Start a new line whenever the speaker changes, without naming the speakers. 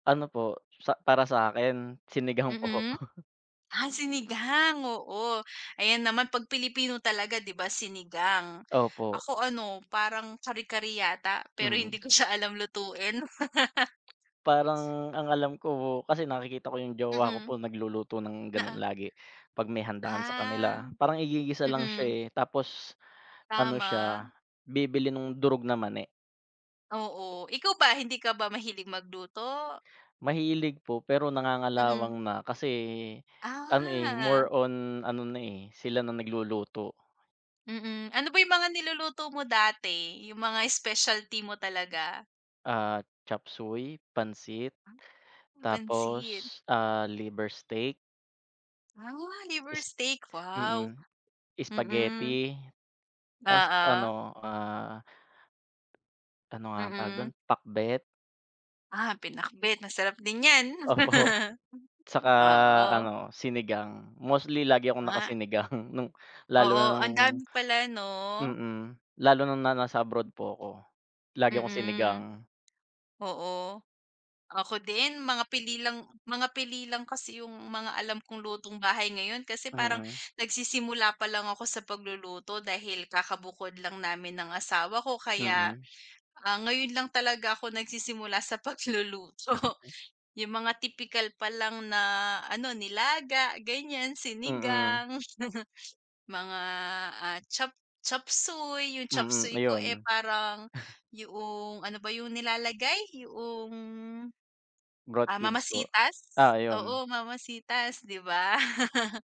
Ano po, sa para sa'kin, sinigang po.
Mhm. Ah, sinigang, oo. Ayan naman, pag Pilipino talaga 'di ba, sinigang.
Opo.
Ako ano, parang kare-kare yata, pero hindi
Mm.
ko siya alam lutuin.
Parang, ang alam ko po, kasi nakikita ko 'yung jowa ko po,
Mm.
nagluluto ng gano'n
Oo.
lagi, pag may handaan sa
Ah,
kanila. Parang igigisa lang siya
mm.
eh, tapos ano
Tama.
siya, bibili nung durog na mani.
Oo. Ikaw ba, hindi ka ba mahilig magluto?
Mahilig po, pero
Mm.
nangangalawang na. Kasi, ano eh, more
Ah.
on ano na eh, sila na nagluluto.
Mm, ano ba 'yung mga niluluto mo dati, 'yung mga specialty mo talaga?
Ah, chop suey, pansit,
Pansit.
tapos, ah, liver steak.
Ah, liver
Is
steak, wow.
mm,
Mm.
spaghetti ta's
Oo.
ano, ah Ano nga ang tawag do'n?
Mm.
Pakbet.
Ah, pinakbet, masarap din 'yan.
Opo. 'Tsaka
Oo.
ano, sinigang. Mostly lagi akong
Ah.
naka-sinigang, nung lalo na
Oo,
nung
ang dami pala 'no.
mm, lalo na nung na nasa abroad po ako, lagi akong
Mm.
sinigang.
Oo. Ako din mga pili lang mga pili lang kasi 'yung mga alam kong lutong bahay ngayon, kasi parang
Mm.
nagsisimula palang ako sa pagluluto, dahil kaka-bukod lang namin ng asawa ko. Kaya,
Mm.
ah, ngayon lang talaga ako nagsisimula sa pagluluto. 'Yung mga tipikal palang na ano, nilaga ganyan,
Mm.
sinigang. Mga, ah, chop chop suey. 'Yung chop
Mm,
suey ko, eh
ayun.
parang, yoong, ano ba 'yung nilalagay, yoong,
Broth
ah, Mama
cubes po.
Sita's,
Ah, ayun.
oo Mama Sita's, 'di ba.